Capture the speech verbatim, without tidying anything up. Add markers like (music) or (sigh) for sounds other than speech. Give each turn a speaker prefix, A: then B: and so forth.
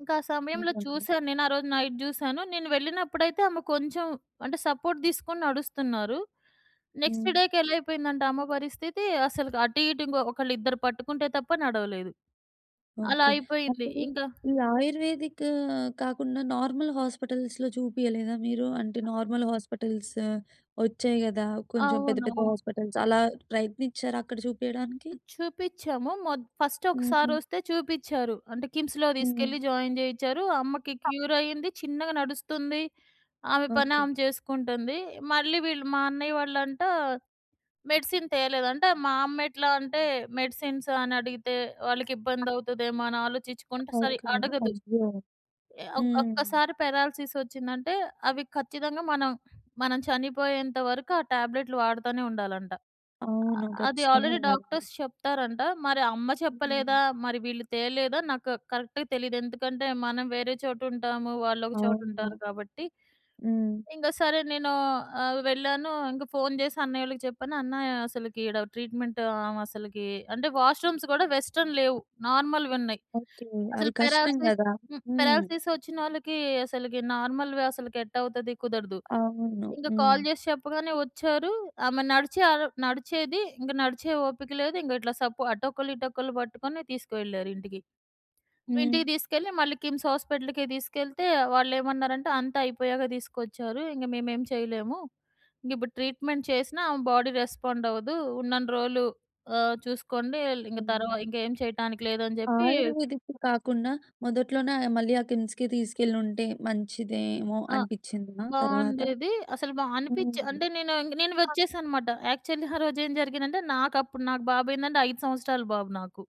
A: ఇంకా ఆ సమయంలో
B: ఓకే. ఓకే.
A: చూశాను నేను. ఆ రోజు నైట్ జూసాను. నేను వెళ్ళినప్పుడైతే ఆమె కొంచెం అంటే సపోర్ట్ తీసుకొని నడుస్తున్నారు! నెక్స్ట్ డేకి
B: హ్మ్.
A: ఎలా అయిపోయిందంటే అమ్మ పరిస్థితి అసలు అటు ఇటు ఒకళ్ళు ఇద్దరు పట్టుకుంటే తప్ప నడవలేదు! అలా
B: ఓకే.
A: అయిపోయింది.
B: అప్పుడు
A: ఇంకా
B: ఈ ఆయుర్వేదిక్ కాకుండా నార్మల్ హాస్పిటల్స్‌లో చూపియలేదా మీరు? అంటే నార్మల్ హాస్పిటల్స్ ఒచ్చాయి గదా! కొంచెం పెద్ద పెద్ద
A: అవునవును.
B: హాస్పిటల్స్ అలా ప్రయత్నిచ్చారా అక్కడ చూపియడానికి?
A: చూపిచ్చాము. మొ ఫస్ట్
B: హుహు.
A: ఒకసారొస్తే చూపిచ్చారు. అంటే కిమ్స్‌లో
B: హుహు.
A: తీసుకెళ్ళి జాయిన్ చేయిచారు. అమ్మకి క్యూర్ అయింది. చిన్నగా నడుస్తుంది. ఆమె పని
B: ఓకే.
A: ఆమె చేసుకుంటుంది. మళ్ళీ వీళ్ళు మా అన్నయ్య వాళ్ళంట మెడిసిన్ తేలేదంటే మా అమ్మ ఎట్లా అంటే మెడిసిన్స్ అని అడిగితే వాళ్ళకి ఇబ్బందౌతదేమో అని ఆలోచిచ్చుకుంట
B: ఓకే.
A: సరిగ్గా అడగదు.
B: అయ్యో!
A: ఆహ్, ఒ
B: హ్మ్.
A: ఒక్కసారి పారాలిసిస్ ఒచ్చిందంటే అవి ఖచ్చితంగా మనం మనం చనిపోయేంత వరకు ఆ టాబ్లెట్‌లు వాడతానే ఉండాలంట.
B: అవును.
A: అది
B: ఖచ్చితంగా
A: ఆల్రెడీ
B: వాడాలి.
A: డాక్టర్స్ చెప్తారంట. మరి అమ్మ
B: హ్మ్.
A: చెప్పలేదా? మరి వీళ్ళు తేలేదా? నాకు కరెక్ట్‌గా తెలీదు. ఎందుకంటే మనం వేరే చోట ఉంటాము. వాళ్ళు ఒక చోట ఉంటారు
B: అవును.
A: కాబట్టి.
B: హ్మ్.
A: ఇంగ సరే నేనూ ఆహ్, వెళ్ళాను. ఇంక ఫోన్ చేసి అన్నయ్యోళ్ళకి చెప్పాను. అన్నా అసలికి ఈడ ట్రీట్మెంట్ ఆవ అసలకి అంటే వాష్‌రూమ్స్ గూడా వెస్ట్‌రన్ లేవు. నార్మల్‌‌వున్నాయి.
B: ఓకే. అవి
A: అసలు
B: కష్టం
A: పారాలిసిస్
B: గదా?
A: హ్మ్.
B: హ్మ్.
A: పారాలిసిస్ వచ్చినోళ్ళకి అసలికి నార్మల్‌వి అసలకి ఎట్టా అవుతది? కుదరదు.
B: అవును.
A: ఇంగ కాల్
B: హ్మ్.
A: చేసి చెప్పగానే వచ్చారు. ఆమె నడిచే అర్ నడిచేది ఇంక. నడిచే ఓపిక లేదు ఇంక ఇట్లా సపో అటొకళ్ళు ఇటొకళ్ళు పట్టుకొని తీసుకెళ్లారింటికి.
B: హ్మ్.
A: ఇంటికి తీసుకెళ్ళి మళ్ళీ కిమ్స్ హాస్పిటల్‌కే తీసుకెళ్తే వాళ్ళేమన్నారంటే అంత అయిపోయాక తీసుకొచ్చారు. ఇంగ మేమేం చేయలేము. ఇంగ ఇప్పుడు ట్రీట్‌మెంట్ చేసినా ఆమె బాడీ రెస్పాండ్ అవ్వదు. ఉన్నన్ని రోజులు ఆహ్, చూసుకోండి ల్ ఇంక
B: హ్మ్.
A: తరువా ఇంకేమి చేయటానికి లేదని చెప్పి
B: ఆయుర్వేదిక్‌కి కాకుండా మొదట్లోనే ఆ మళ్ళీ ఆ కిమ్స్‌కే తీసుకెళ్ళి ఉంటే మంచిదేమో
A: ఆ!
B: అనిపిచ్చిందా తర్వాత?
A: బావుండేది. అసలు మ అనిపిచ్చే అంటె
B: హ్మ్.
A: నేను ఇంగ నేను వచ్చేసా అన్నమాట. యాక్చువల్లి ఆ రోజేం (chuckles) జరిగిందంటే నాకప్పుడు నాకు బాబు ఏందంటే ఐదు సంవత్సరాలు బాబు నాకు.